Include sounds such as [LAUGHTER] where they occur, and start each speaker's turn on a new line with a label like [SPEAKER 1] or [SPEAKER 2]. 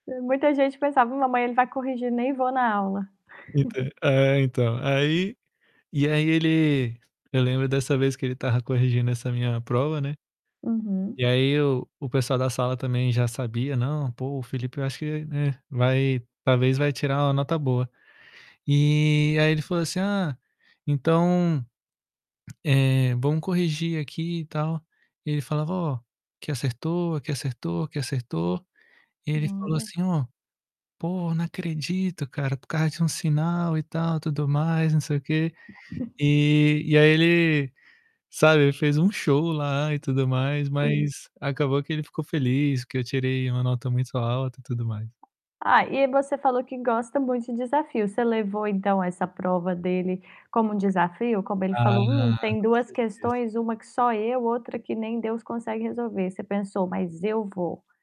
[SPEAKER 1] Hã, muita gente pensava: "Não, amanhã ele vai corrigir, nem vou na aula".
[SPEAKER 2] Entã
[SPEAKER 1] [CHUCKLES]
[SPEAKER 2] É então, aí e aí ele eu lembro dessa vez que ele estava corrigindo essa minha prova, né.
[SPEAKER 1] Uhum.
[SPEAKER 2] E aí o o pessoal da sala também já sabia: "Não, pô, o Felipe eu acho que, né, vai talvez vai tirar uma nota boa". E aí ele falou assim: "Ah, então, eh, vamos corrigir aqui e tal". E ele falava: "Ó, aqui acertou, aqui acertou, aqui acertou". E ele falou
[SPEAKER 1] Olha.
[SPEAKER 2] assim: "Ó, pô, não acredito, cara. Por causa de 1 sinal e tal, tudo mais, não sei o quê".
[SPEAKER 1] [CHUCKLES]
[SPEAKER 2] E e aí ele, sabe, fez um show lá e tudo mais,
[SPEAKER 1] Sim.
[SPEAKER 2] mas acabou que ele ficou feliz, porque eu tirei uma nota muito alta e tudo mais.
[SPEAKER 1] Ah, e você falou que gosta muito de desafio. Você levou então essa prova dele como um desafio? Como ele
[SPEAKER 2] Ah,
[SPEAKER 1] falou: "Hum, tem
[SPEAKER 2] com
[SPEAKER 1] 2
[SPEAKER 2] certeza.
[SPEAKER 1] questões, 1 que só eu, outra que nem Deus consegue resolver". Você pensou: "Mas eu vou"?